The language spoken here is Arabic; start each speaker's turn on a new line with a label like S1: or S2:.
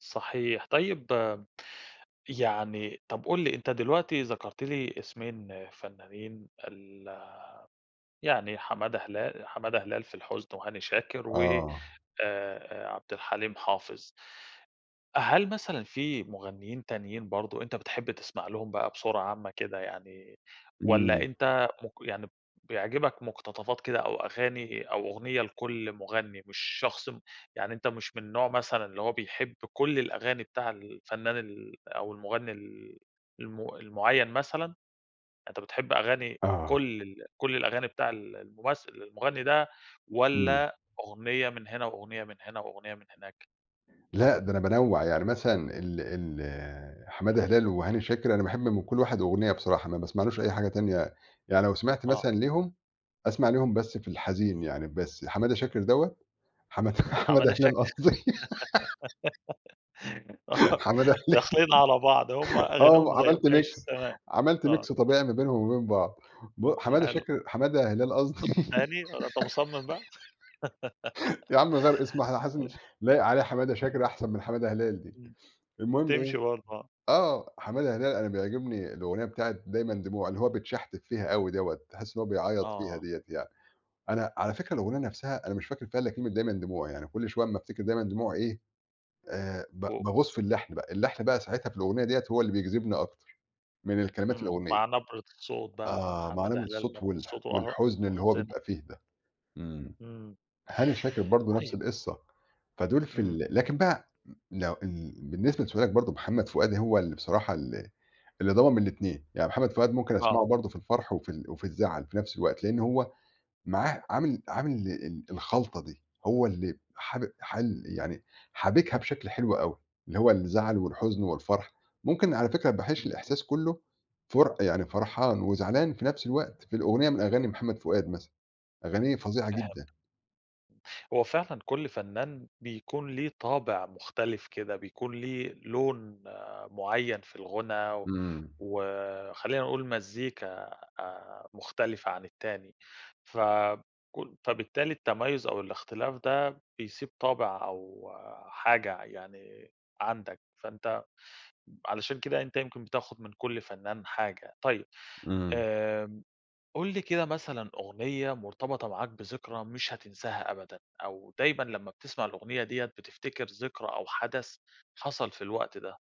S1: صحيح. طيب يعني، طَب قُل لي، أنت دلوقتي ذكَرت لي إسمين فنّانين ال يعني حمادة هلا حمادة هلال في الحُزن وهاني شاكر و
S2: آه.
S1: آآ عبد الحليم حافظ. هل مثلًا في مغنيّين تانيين برضه أنت بتحب تسمَع لهم بقى بصورة عامة كده يعني، والّا
S2: إمم.
S1: أنت مُق يعني بيعجِبك مُقتطفات كده أو أغاني أو أُغنية لكلّ مُغنّي، مش شخص م يعني أنت مش من نوع مثلًا اللي هو بيحب كلّ الأغاني بتاع الفنان ال أو المُغنّي ال المُ المُعيّن مثلًا، أنت بتحب أغاني
S2: آه.
S1: كلّ ال كلّ الأغاني بتاع ال الممثِّل المُغنّي ده
S2: إمم.
S1: والّا أُغنية من هنا وأُغنية من هنا وأُغنية من هناك؟
S2: لأ، ده أنا بانوّع، يعني مثلًا ال ال حمادة هلال وهاني شاكر، أنا باحب من كلّ واحد أُغنية بصراحة، ما باسمعلوش أي حاجة تانية يعني لو سمِعت
S1: آه.
S2: مثلًا ليهم، أسمَع ليهم بس في الحزين يعني بس، حمادة شاكر دَوّة حماد حمادة
S1: حماده
S2: هلال
S1: شاكر
S2: قصْدي
S1: آه
S2: حمادة هلال
S1: داخلين على بعض، هُم أغانيهم
S2: آه،
S1: زي ب
S2: عملت
S1: ماشي،
S2: mix
S1: تمام،
S2: عملت
S1: آه.
S2: mix طبيعي ما بينهم وبين بعض ب
S1: طَب ده
S2: حمادة
S1: حلو.
S2: شاكر حمادة هلال قصدي
S1: تاني؟ الله، أنت مُصمِّم بقى؟
S2: يا عَم غيّر إسمه
S1: ماشي.
S2: [unintelligible] لايق عليه حمادة
S1: إمم.
S2: شاكرة أحسَن من حمادة هلال دي.
S1: إمم.
S2: المهم إيه،
S1: تمشي برضه، آه.
S2: آه، حمادة هلال أنا بيعجبني الأُغنية بتاعة دايمًا دموع اللي هو بيتشحتِف فيها أوي دَوّة، تحس إن هو بيعيّط فيها
S1: آه.
S2: دِيّة يعني. أنا، على فكرة الأغنية نفْسها أنا مش فاكر فيها إلّا كلمة دايًما دموع، يعني كل شويّة أمّا أفتكر دايمًا دموع إيه آآ، ب
S1: و و
S2: باغوص في اللّحن بقى، اللحن بقى ساعتها في الأغنية دِيّة هو اللي بيجذبني أكتر من الكلمات
S1: إمم،
S2: الأغنية.
S1: مع نبرة الصوت بقى
S2: آه، مع
S1: حمادة
S2: نبرة
S1: هلال،
S2: الصوت
S1: نبرة
S2: والح
S1: صوته، أه،
S2: والحزن اللي هو
S1: محُزنة.
S2: بيبقى فيه ده. إمم.
S1: إمم.
S2: هاني شاكر برضه نفْس
S1: طيب.
S2: القِصّة، فدُول في
S1: إمم.
S2: ال لكن بقى لو ال بالنسبة لسؤالك برضه محمد فؤاد هو اللي بصراحة ال اللي ضامم الإتنين، يعني محمد فؤاد ممكن
S1: آه.
S2: أسمَعه برضه في الفرْح وفي ال وفي الزعَل في نفس الوقت، لأن هو معاه عامِل عامِل ال الخلطة دي، هو اللي حاب حال يعني حابكها بشكل حلو أوي، اللي هو الزعَل والحُزن والفرْح، ممكن على فكرة باحش
S1: اهم.
S2: الإحساس كلّه، فُر يعني فرحان وزعلان في نفس الوقت في الأغنية من أغاني محمد فؤاد مثلًا، أغانية فظيعة
S1: فهِمتك.
S2: جدًا.
S1: هو فعلًا كلّ فنان بيكون ليه طابِع مختلِف كده، بيكون ليه لون آآ معيّن في الغُنى و
S2: إمم.
S1: وخلّينا نقول مزّيكا آآ مُختلِفة عن التاني، ف كُ فبالتالي التميُّز أو الإختلاف ده بيسِيب طابِع أو حاجة ع يعني عَندك، فأنت علشان كده، أنت يمكن بتاخُد من كل فنان حاجة. طيب.
S2: إمم.
S1: آمم، قُل لي كده مثلًا أغنية مرتبِطة معاك بذكرى مش هتنساها أبدًا، أو دايمًا لمّا بتسمع الأغنية دِيّة بتفتكر ذكرى أو حدث حصَل في الوقت ده؟